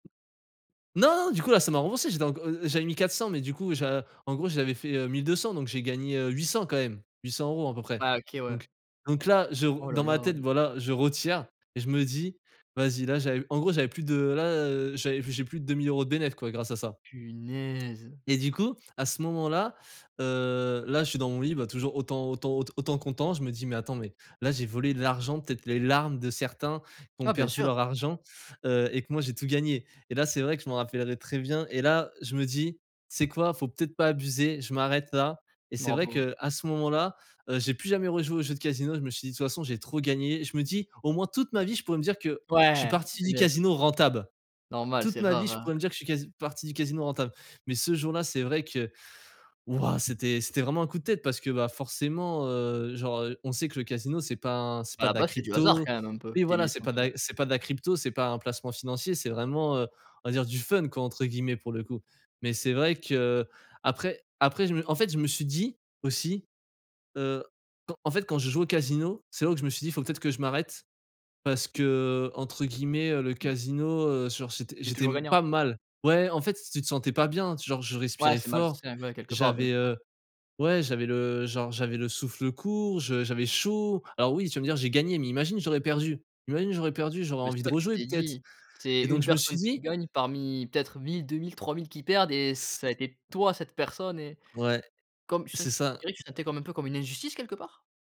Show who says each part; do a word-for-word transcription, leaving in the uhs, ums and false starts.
Speaker 1: Non du coup, là, ça m'a remboursé, j'ai donc, heu heu, j'avais mis quatre-cents mais du coup j'a en gros j'avais fait, heu, mille deux-cents donc j'ai gagné, heu, huit-cents, quand même, huit-cents euros à peu près.
Speaker 2: Ah OK, ouais.
Speaker 1: Donc donc là je r
Speaker 2: Oh là
Speaker 1: dans ma tête
Speaker 2: là.
Speaker 1: voilà je retire et je me dis: «Vas-y, là» j'avais en gros, j'avais plus de là, heu, j'avais j'ai plus de deux mille euros de bénef quoi, grâce à ça.
Speaker 2: Punaise.
Speaker 1: Et du coup, à ce moment-là, heu, là je suis dans mon lit bah toujours autant autant aut autant content je me dis: «Mais, attends, mais là j'ai volé de l'argent peut-être les larmes de certains qui ont
Speaker 2: Ah, bien
Speaker 1: perdu
Speaker 2: sûr.
Speaker 1: leur argent, heu, et que moi j'ai tout gagné» et là c'est vrai que je m'en rappellerai très bien et là, heu, je me dis: «Tu sais quoi, faut peut-être pas abuser, je m'arrête là» et c'est vrai
Speaker 2: Bravo.
Speaker 1: qu'à ce moment-là, heu, j'ai plus jamais rejouer aux jeux de casino, je me suis dit: «De toute façon j'ai trop gagné». Je me dis: «Au moins toute ma vie je pourrais me dire que je suis
Speaker 2: Ouais,
Speaker 1: parti du
Speaker 2: bénef.
Speaker 1: casino rentabe.
Speaker 2: Normal,
Speaker 1: Toute
Speaker 2: c'est
Speaker 1: ma vie,
Speaker 2: rare,
Speaker 1: je
Speaker 2: hein.
Speaker 1: pourrais me dire que je suis casi parti du casino rentable». Mais ce jour là c'est vrai que wouah, c'était c'était vraiment un coup de tête parce que, bah, forcément, heu, genre, heu, on sait que le casino c'est pas un c'est
Speaker 2: À
Speaker 1: pas
Speaker 2: la
Speaker 1: de la
Speaker 2: base, c'était du hasard
Speaker 1: crypto,
Speaker 2: quand même un peu,
Speaker 1: oui
Speaker 2: tes
Speaker 1: voilà,
Speaker 2: mille
Speaker 1: c'est pas
Speaker 2: trente
Speaker 1: de la
Speaker 2: euros.
Speaker 1: c'est pas de la crypto, c'est pas un placement financier, c'est, vraiment, heu, on va dire «du fun quoi» entre guillemets pour le coup. Mais c'est vrai que après après je me en fait je me suis dit, aussi, heu, quand en fait, quand je joue au casino, C'est là où je me suis dit: «Faut peut-être que je m'arrête» parce qu'entre guillemets, heu, «le
Speaker 2: Mmh.
Speaker 1: casino, heu, genre j'était
Speaker 2: Il est
Speaker 1: j'étais
Speaker 2: toujours
Speaker 1: m
Speaker 2: gagnant.
Speaker 1: pas mal». Ouais en fait, tu te sentais pas bien, genre je
Speaker 2: Ouais
Speaker 1: respirais
Speaker 2: c'est mal
Speaker 1: fort,
Speaker 2: sain, ouais, quelque part bien
Speaker 1: j'avais,
Speaker 2: sûr.
Speaker 1: heu ouais j'avais le genre j'avais le souffle court, je j'avais chaud. Alors oui tu vas me dire: «J'ai gagné». Mais imagine j'aurais perdu imagine j'aurais perdu, j'aurais
Speaker 2: Mais
Speaker 1: envie
Speaker 2: c'est
Speaker 1: de
Speaker 2: ça que tu
Speaker 1: rejouer
Speaker 2: t'es
Speaker 1: peut-être
Speaker 2: dit. C'est
Speaker 1: et donc
Speaker 2: une
Speaker 1: je me
Speaker 2: personne
Speaker 1: suis
Speaker 2: qui
Speaker 1: dit
Speaker 2: gagne parmi peut-être mille-deux mille-trois mille qui perdent et
Speaker 1: Tss
Speaker 2: ça a été, toi, cette personne et
Speaker 1: Ouais,
Speaker 2: comme
Speaker 1: c'est
Speaker 2: sech tu
Speaker 1: ça.
Speaker 2: dirais que c'était comme un peu comme une injustice, quelque part?